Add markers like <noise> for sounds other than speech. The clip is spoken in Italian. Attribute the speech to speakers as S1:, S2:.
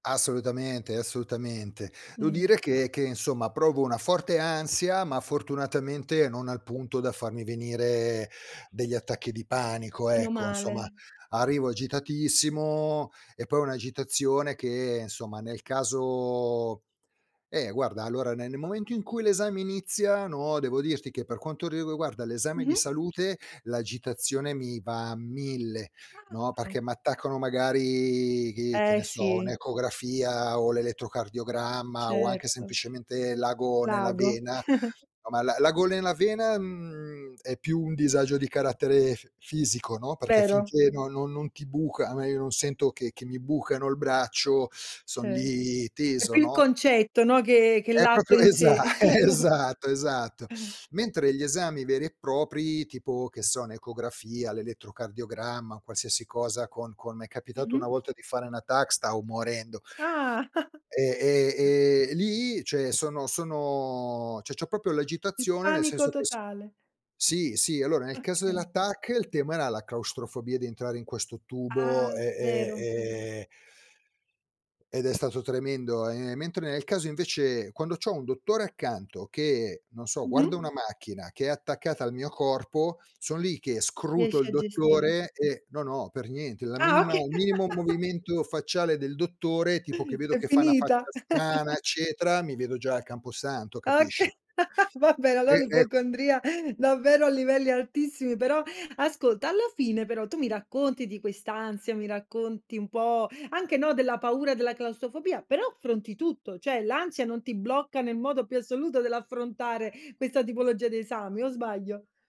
S1: Assolutamente, assolutamente. Devo
S2: Mh.
S1: dire che che insomma provo una forte ansia, ma fortunatamente non al punto da farmi venire degli attacchi di panico
S2: Meno
S1: ecco, insomma.
S2: male.
S1: Arrivo agitatissimo e poi ho un'agitazione che, insomma, nel caso eh, guarda, allora ne nel momento in cui l'esame inizia, no, devo dirti che per quanto riguarda l'esame di
S2: Mh-mh.
S1: salute l'agitazione mi va a 1000, no, perché
S2: Ah.
S1: m'attaccano magari che che
S2: Eh
S1: ne so,
S2: sì.
S1: un'ecografia o l'elettrocardiogramma o anche
S2: Certo.
S1: semplicemente l'ago nella
S2: L'ago.
S1: vena.
S2: <chuckles>
S1: A me l'a l'ago nella vena, mhmm, è più un disagio di carattere f fisico, no, perché
S2: Vero.
S1: finché no non non ti buca, a me io non sento che che mi bucano il braccio, son
S2: Ce
S1: lì
S2: è
S1: teso,
S2: più il
S1: no?
S2: concetto, no, che che
S1: È
S2: l'atto
S1: proprio,
S2: in
S1: esa
S2: sé.
S1: esatto, esatto.
S2: <chuckles>
S1: Mentre gli esami veri e propri, tipo che so, un'ecografia, l'elettrocardiogramma, qualsiasi cosa con con m'è capitato
S2: Mh-mh.
S1: una volta di fare una TAC, stavo morendo.
S2: Ah.
S1: E e
S2: <chuckles>
S1: e e lì cioè sono sono cioè c'ho proprio
S2: Il
S1: l'agitazione nel
S2: panico
S1: senso che s
S2: totale.
S1: sì, sì. Allora nel caso della
S2: Okay.
S1: TAC, il tema era la claustrofobia di entrare in questo tubo
S2: Ah,
S1: e e
S2: vero.
S1: e ed è stato tremendo e mentre nel caso invece quando c'ho un dottore accanto che non so, guarda
S2: Mh-mh.
S1: una macchina che è attaccata al mio corpo, son lì che scruto
S2: Riesci
S1: il
S2: a gestire.
S1: dottore e no, no, per niente. La
S2: Ah,
S1: minima
S2: okay.
S1: il minimo
S2: <laughs>
S1: movimento facciale del dottore, tipo che
S2: <gasps>
S1: vedo
S2: È
S1: che fa una
S2: finita.
S1: faccia strana
S2: <chuckles>
S1: eccetera, mi vedo già al camposanto,
S2: Okay,
S1: capisci?
S2: <laughs> vabbè, allo
S1: E e
S2: l'ipocondria davvero a livelli altissimi, però ascolta, alla fine però tu mi racconti di questa ansia, mi racconti un po' anche, no, della paura della claustrofobia, però affronti tutto, cioè l'ansia non ti blocca nel modo più assoluto dell'affrontare questa tipologia di esami o sbaglio?